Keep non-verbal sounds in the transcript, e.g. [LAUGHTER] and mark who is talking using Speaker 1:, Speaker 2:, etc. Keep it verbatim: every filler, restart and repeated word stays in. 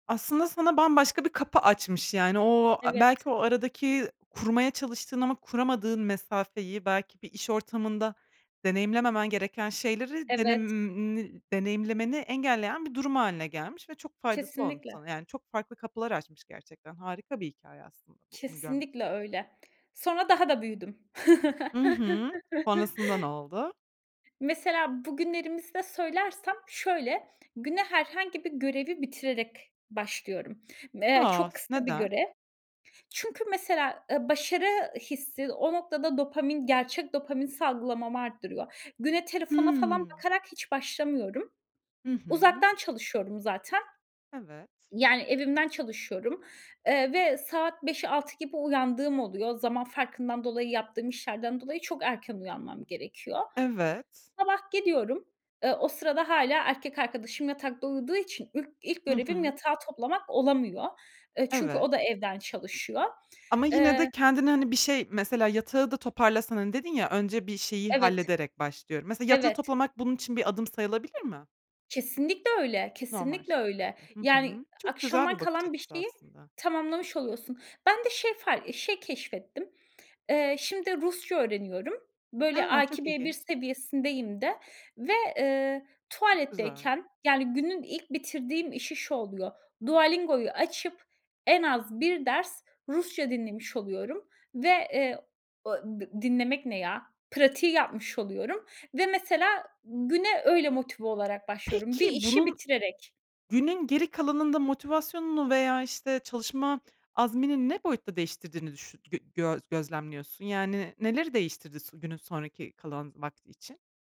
Speaker 1: Aslında sana bambaşka bir kapı açmış. Yani o, belki
Speaker 2: Evet.
Speaker 1: o aradaki kurmaya çalıştığın ama kuramadığın mesafeyi, belki bir iş ortamında deneyimlememen gereken şeyleri
Speaker 2: Evet.
Speaker 1: denemim deneyimlemeni engelleyen bir durum hâline gelmiş ve faydası olmuş
Speaker 2: Kesinlikle.
Speaker 1: sana. Yani çok farklı kapılar açmış gerçekten. Harika bir hikâye aslında bu bunu görmek için.
Speaker 2: Kesinlikle öyle. Sonra daha da büyüdüm.
Speaker 1: Hı hı. Sonrasında ne
Speaker 2: [CHUCKLES]
Speaker 1: oldu?
Speaker 2: Mesela bugünlerimizde söylersem şöyle, güne herhangi bir görevi bitirerek başlıyorum. Me
Speaker 1: A.
Speaker 2: çok kısa bir
Speaker 1: Neden?
Speaker 2: görev. Çünkü mesela, eee, başarı hissi o noktada dopamin, gerçek dopamin salgılamam arttırıyor. Güne telefona falan
Speaker 1: Hımm.
Speaker 2: bakarak hiç başlamıyorum.
Speaker 1: Hı hı.
Speaker 2: Uzaktan çalışıyorum zaten.
Speaker 1: Evet.
Speaker 2: Yani evimden çalışıyorum, eee, ve saat beş altı gibi uyandığım oluyor. Zaman farkından dolayı, yaptığım işlerden dolayı çok erken uyanmam gerekiyor.
Speaker 1: Evet.
Speaker 2: Sabah gidiyorum, eee, o sırada hâlâ erkek arkadaşım yatakta uyuduğu için ilk ilk
Speaker 1: Hı
Speaker 2: görevim
Speaker 1: hı.
Speaker 2: yatağı toplamak olamıyor. Eee, çünkü
Speaker 1: Evet.
Speaker 2: o da evden çalışıyor.
Speaker 1: Ama yine de
Speaker 2: Eee
Speaker 1: kendini hani bir şey, mesela yatağı da toparlasan, hani dedin ya önce bir şeyi
Speaker 2: Evet.
Speaker 1: hallederek başlıyorum. Mesela yatağı
Speaker 2: Evet.
Speaker 1: toplamak bunun için bir adım sayılabilir mi?
Speaker 2: Kesinlikle öyle.
Speaker 1: Normal
Speaker 2: Kesinlikle öyle.
Speaker 1: şeklinde. Hı
Speaker 2: Yani
Speaker 1: hı. Çok güzel
Speaker 2: akşamdan
Speaker 1: bir bakış
Speaker 2: kalan bir
Speaker 1: açısı
Speaker 2: şeyi,
Speaker 1: aslında.
Speaker 2: tamamlamış oluyorsun. Ben de şey far keşfettim. Eee, şimdi Rusça öğreniyorum. Böyle
Speaker 1: A!
Speaker 2: A2,
Speaker 1: Çok
Speaker 2: B1
Speaker 1: ilginç.
Speaker 2: seviyesindeyim de ve, eee,
Speaker 1: Çok güzel.
Speaker 2: tuvaletteyken, yani günün ilk bitirdiğim işi şu oluyor. Dualingoyu açıp en az bir ders Rusça dinlemiş oluyorum ve, eee, dinlemek ne ya, pratiği yapmış oluyorum ve mesela güne öyle motive olarak başlıyorum bir
Speaker 1: Peki,
Speaker 2: işi
Speaker 1: bunun
Speaker 2: bitirerek.
Speaker 1: günün geri kalanında motivasyonunu veya işte çalışma azmini ne boyutta değiştirdiğini düşü gö gö gözlemliyorsun? Yani neleri değiştirdi s günün sonraki kalan vakti için?